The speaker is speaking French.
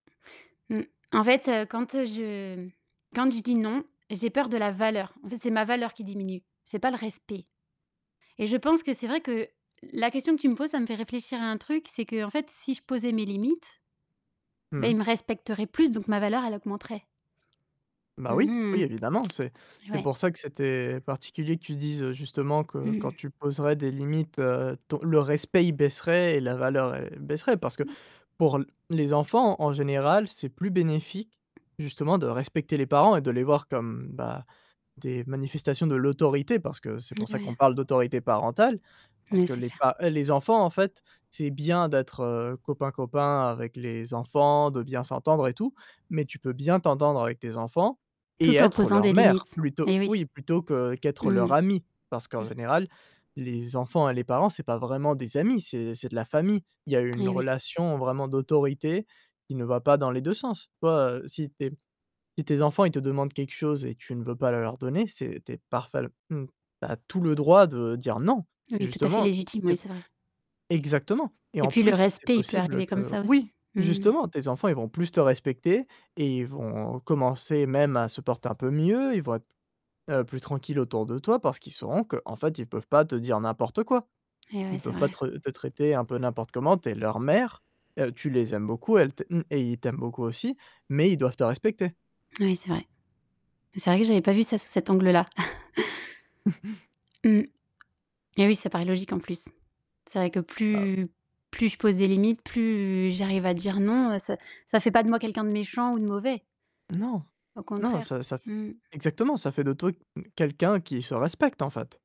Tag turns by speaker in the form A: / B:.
A: Mmh. En fait, heu, quand, heu, je quand je dis: «Non», j'ai peur de la valeur. En fait, c'est ma valeur qui diminue. C'est pas le respect. Et je pense que c'est vrai que la question que tu me poses, ça me fait réfléchir à un truc. C'est qu'en fait, si je posais mes limites,
B: Mmh
A: beh, ils
B: mh.
A: me respecteraient plus, donc ma valeur, elle augmenterait. Mmh
B: Bah oui, oui,
A: mh.
B: évidemment, c'est c'est
A: Ouais.
B: pour ça que c'était particulier que tu dises, justement, que
A: Mmh
B: quand
A: mh.
B: tu poserais des limites, heu, ton le respect il baisserait et la valeur, elle baisserait parce que
A: Mmh.
B: pour l les enfants en général, c'est plus bénéfique, justement, de respecter les parents et de les voir comme, bah, des manifestations de l'autorité parce que c'est pour
A: Mmh,
B: ça qu'on
A: ouais.
B: parle d'autorité parentale. Parce
A: Mais
B: que
A: c'est
B: les
A: clair.
B: pa heu, les enfants en fait, c'est bien d'être, heu, copain-copain avec les enfants, de bien s'entendre et tout, mais tu peux bien t'entendre avec tes enfants et
A: Tout en
B: être
A: posant
B: leur
A: des
B: mère,
A: limites.
B: plutôt
A: Eh oui.
B: oui, plutôt que
A: Mmh
B: qu'être leur
A: mh.
B: amie. Parce
A: Mmh.
B: qu'en général, les enfants et les parents c'est pas vraiment des amis, c'est c'est de la famille. Il y a une
A: Eh oui.
B: relation vraiment d'autorité qui ne va pas dans les 2 sens. Toi, heu, si tes si tes enfants ils te demandent quelque chose et que tu ne veux pas le leur donner, c'est tu es parfèl mmh, tu as tout le droit de dire: «Non».
A: Oui, tout à fait
B: Justement
A: légitime, oui,
B: ép
A: c'est vrai.
B: exactement et
A: Et
B: en
A: puis le
B: plus c'est
A: respect, il peut
B: possible
A: arriver comme
B: que
A: ça aussi.
B: oui,
A: Mmh mh.
B: justement tes enfants ils vont plus te respecter et ils vont commencer même à se porter un peu mieux, ils vont être, heu, plus tranquilles autour de toi parce qu'ils sauront qu'en fait ils peuvent pas te dire n'importe quoi.
A: Eh ouais
B: Ils
A: c'est
B: peuvent pas
A: vrai.
B: tre te traiter un peu n'importe comment, tu es leur mère, heu, tu les aimes beaucoup, elle t mmh, et ils t'aiment beaucoup aussi, mais ils doivent te respecter.
A: Oui, c'est vrai. Mais c'est vrai que j'avais pas vu ça sous cet angle-là. Mmh. Beh oui, ça paraît logique en plus. C'est vrai que
B: Bah
A: plus plus je pose des limites, plus j'arrive à dire: «Non», heu, ça ça fait pas de moi quelqu'un de méchant ou de mauvais.
B: Non.
A: Au
B: Non,
A: contraire.
B: ça ça f
A: Mmh mh.
B: exactement, ça fait de toi, m quelqu'un qui se respecte, en fait.